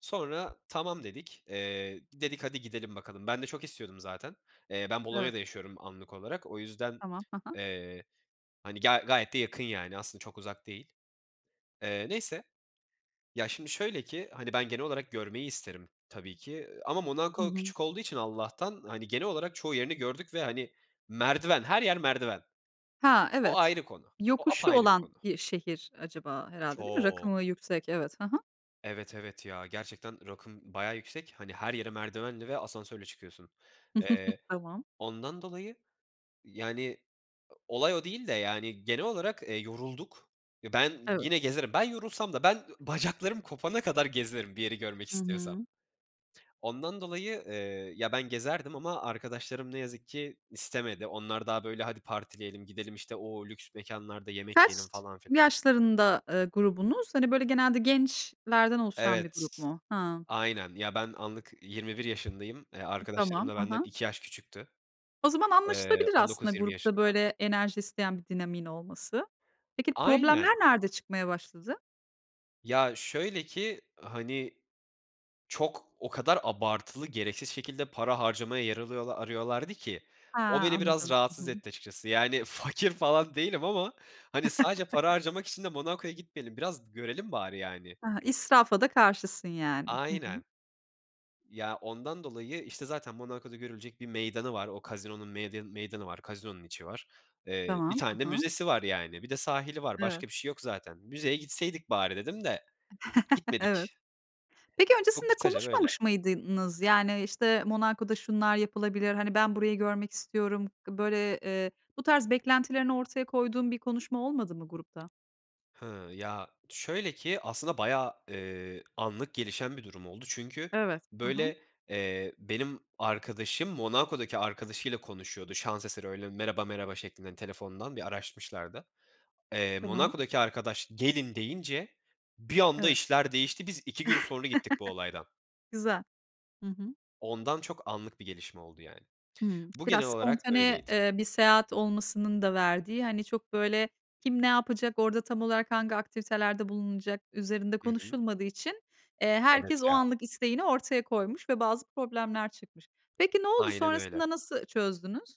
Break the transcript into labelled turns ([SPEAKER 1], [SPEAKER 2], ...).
[SPEAKER 1] Sonra tamam, dedik. Eee, dedik "Hadi, gidelim bakalım." Ben de çok istiyordum zaten. Eee, ben
[SPEAKER 2] Evet.
[SPEAKER 1] Bolonya'da yaşıyorum anlık olarak, o yüzden,
[SPEAKER 2] Tamam, hı hı.
[SPEAKER 1] eee, hani, ga gayet de yakın yani. Aslında çok uzak değil. Eee, neyse. Ya, şimdi, şöyle ki, hani, ben genel olarak görmeyi isterim tabii ki, eee, ama
[SPEAKER 2] Hı
[SPEAKER 1] Monako
[SPEAKER 2] hı.
[SPEAKER 1] küçük olduğu için Allah'tan, hani, genel olarak çoğu yerini gördük ve, hani, merdiven, her yer merdiven.
[SPEAKER 2] Ha,
[SPEAKER 1] O
[SPEAKER 2] evet.
[SPEAKER 1] ayrı konu, o
[SPEAKER 2] Yokuşu
[SPEAKER 1] apayrı bir
[SPEAKER 2] olan
[SPEAKER 1] konu.
[SPEAKER 2] bir şehir acaba, herhâlde değil mi?
[SPEAKER 1] Çok.
[SPEAKER 2] Rakımı yüksek, evet, hı hı.
[SPEAKER 1] Evet, evet ya. Gerçekten rakım bayağı yüksek. Hani, her yere merdivenle ve asansörle çıkıyorsun. Eee,
[SPEAKER 2] Tamam.
[SPEAKER 1] ondan dolayı, yani, o olay o değil de, yani, genel olarak, eee, yorulduk. Eee, ben
[SPEAKER 2] Evet.
[SPEAKER 1] yine gezerim. Ben yorulsam da, ben bacaklarım kopana kadar gezerim bir yeri görmek
[SPEAKER 2] Hı
[SPEAKER 1] istiyorsam.
[SPEAKER 2] hı.
[SPEAKER 1] Ondan dolayı, eee, ya, ben gezerdim ama arkadaşlarım ne yazık ki istemedi. Onlar daha, böyle, "Hadi partileyelim. Gidelim, işte, o lüks mekânlarda yemek yiyelim."
[SPEAKER 2] Kaç
[SPEAKER 1] falan, filan.
[SPEAKER 2] yaşlarında, eee, grubunuz? Hani, böyle, genelde gençlerden oluşan bir
[SPEAKER 1] Evet
[SPEAKER 2] grup
[SPEAKER 1] t
[SPEAKER 2] mu? Hıı.
[SPEAKER 1] aynen, ya, ben anlık 21 yaşındayım. Eee,
[SPEAKER 2] I
[SPEAKER 1] arkadaşlarım
[SPEAKER 2] tamam.
[SPEAKER 1] da
[SPEAKER 2] Hı
[SPEAKER 1] benden
[SPEAKER 2] hı.
[SPEAKER 1] 2 yaş küçüktü.
[SPEAKER 2] O zaman
[SPEAKER 1] Eee,
[SPEAKER 2] anlaşılabilir
[SPEAKER 1] on
[SPEAKER 2] aslında
[SPEAKER 1] dokuz yirmi
[SPEAKER 2] grupta
[SPEAKER 1] yaşında.
[SPEAKER 2] böyle enerji isteyen bir dinamiğin olması. Peki, problemler
[SPEAKER 1] Aynen.
[SPEAKER 2] nerede çıkmaya başladı?
[SPEAKER 1] Ya, şöyle ki, hani, çok, o kadar abartılı, gereksiz şekilde para harcamaya yer alıyola arıyorlardı ki,
[SPEAKER 2] He,
[SPEAKER 1] o beni biraz
[SPEAKER 2] anladım. Hı
[SPEAKER 1] rahatsız
[SPEAKER 2] hı.
[SPEAKER 1] etti açıkçası. Yani, fakir falan değilim ama, hani, sadece para harcamak için de Monako'ya gitmeyelim. Biraz görelim bari, yani.
[SPEAKER 2] He, israfa da karşısın yani. Hı hı.
[SPEAKER 1] Aynen. Ya, ondan dolayı, işte, zaten Monako'da görülecek bir meydanı var. O casino'nun medyanı meydanı, casino'nun içi var. Eee, 1
[SPEAKER 2] Tamam,
[SPEAKER 1] tane de
[SPEAKER 2] hı hı.
[SPEAKER 1] müzesi var yani, bir de sahili var,
[SPEAKER 2] Evet.
[SPEAKER 1] başka bir şey yok zaten, "Müzeye gitseydik bari." dedim de
[SPEAKER 2] Evet.
[SPEAKER 1] gitmedik.
[SPEAKER 2] Peki,
[SPEAKER 1] Çok
[SPEAKER 2] öncesinde
[SPEAKER 1] kısaca böyle.
[SPEAKER 2] konuşmamış mıydınız? Yani, işte, "Monako'da şunlar yapılabilir.", hani, "Ben burayı görmek istiyorum." Böyle, eee, bu tarz beklentilerini ortaya koyduğun bir konuşma olmadı mı grupta?
[SPEAKER 1] Hıı. Ya, şöyle ki aslında bayağı, eee, anlık gelişen bir durum oldu. Çünkü,
[SPEAKER 2] Evet, hı hı.
[SPEAKER 1] böyle, eee, benim arkadaşım Monako'daki arkadaşıyla konuşuyordu şans eseri, öyle, merheba merhaba şeklinde telefondan bir araşmışlardı. Eee,
[SPEAKER 2] Tamam.
[SPEAKER 1] Monako'daki arkadaş "Gelin." deyince bir anda
[SPEAKER 2] Evet.
[SPEAKER 1] işler değişti. Biz 2 gün sonra gittik bu olaydan.
[SPEAKER 2] Güzel. Hı hı.
[SPEAKER 1] Ondan çok anlık bir gelişme oldu, yani.
[SPEAKER 2] Hımm,
[SPEAKER 1] Bu, genel
[SPEAKER 2] biraz
[SPEAKER 1] olarak
[SPEAKER 2] spontane,
[SPEAKER 1] böyleydi.
[SPEAKER 2] eee, bir seyahat olmasının da verdiği, hani, çok, böyle, kim ne yapacak, orada tam olarak hangi aktivitelerde bulunulacak üzerinde
[SPEAKER 1] Hı hı.
[SPEAKER 2] konuşulmadığı için, eee,
[SPEAKER 1] Evet
[SPEAKER 2] herkes o
[SPEAKER 1] ya.
[SPEAKER 2] anlık isteğini ortaya koymuş ve bazı problemler çıkmış. Peki ne oldu,
[SPEAKER 1] Aynen öyle.
[SPEAKER 2] sonrasında nasıl çözdünüz?